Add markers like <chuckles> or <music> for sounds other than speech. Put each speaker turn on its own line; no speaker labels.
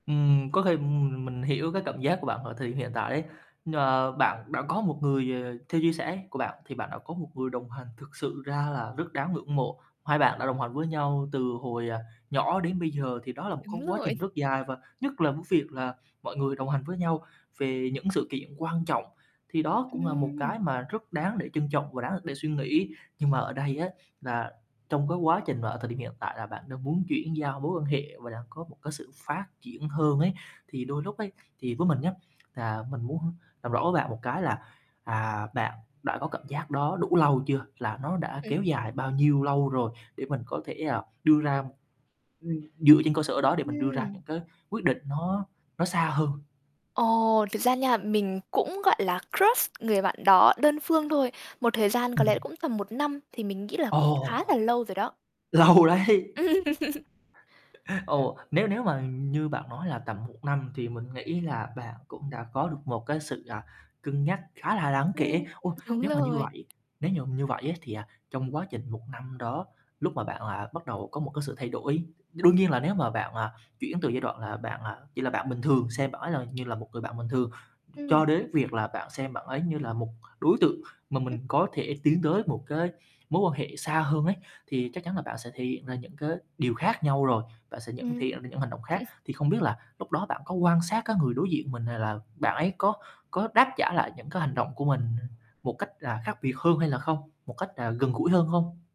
Ừm, có khi m m mình hiểu cái cảm giác của bạn ở thời điểm hiện tại đấy. Ờ, bạn đã có một người, ờ, theo chia sẻ của bạn thì bạn đã có một người đồng hành, thực sự ra là rất đáng ngưỡng mộ. Hai bạn đã đồng hành với nhau từ hồi, ờ, nhỏ đến bây giờ thì đó là một
Đúng
cái quá
rồi.
trình rất dài. Và nhất là cái việc là mọi người đồng hành với nhau về những sự kiện quan trọng thì đó cũng là một
Ừm.
cái mà rất đáng để trân trọng và đáng để suy nghĩ. Nhưng mà ở đây á là trong cái quá trình mà ở thời điểm hiện tại là bạn đang muốn chuyển giao mối quan hệ và đang có một cái sự phát triển hơn ấy thì đôi lúc ấy thì với mình nhá là mình muốn làm rõ với bạn một cái là, à, bạn đã có cảm giác đó đủ lâu chưa? Là nó đã
Ừ.
kéo dài bao nhiêu lâu rồi? Để mình có thể, à, đưa ra ừm, dựa trên cơ sở đó để mình đưa ra
Ừm.
những cái quyết định nó nó xa hơn.
Ồ, thật ra nha, mình cũng, gọi là, crush người bạn đó đơn phương thôi. Một thời gian có lẽ
Ừm.
cũng tầm 1 năm thì mình nghĩ là cũng
Ồ,
khá là lâu rồi đó.
lâu đấy.
<laughs>
<chuckles> Ồ, nếu nếu mà như bạn nói là tầm 1 năm thì mình nghĩ là bạn cũng đã có được một cái sự, à, cân nhắc khá là đáng
Ừm,
kể. Ô,
đúng
nếu mà như
rồi.
vậy nếu mà như vậy á thì, à, trong quá trình 1 năm đó, lúc mà bạn là bắt đầu có một cái sự thay đổi, đương nhiên là nếu mà bạn, à, chuyển từ giai đoạn là bạn, à, chỉ là bạn bình thường xem bạn ấy như là một người bạn bình thường,
Ừm.
cho đới việc là bạn xem bạn ấy như là một đối tượng mà
Ưm.
mình có thể tiến tới một cái mối quan hệ xa hơn ấy thì chắc chắn là bạn sẽ thể hiện ra những cái điều khác nhau rồi. Bạn sẽ nhận thể
Ừm.
hiện ra những hành động khác.
<chuckles>
Thì không biết là lúc đó bạn có quan sát cái người đối diện mình này là bạn ấy có có đáp trả lại những cái hành động của mình một cách là khác biệt hơn hay là không, một cách, à, gần gũi hơn không?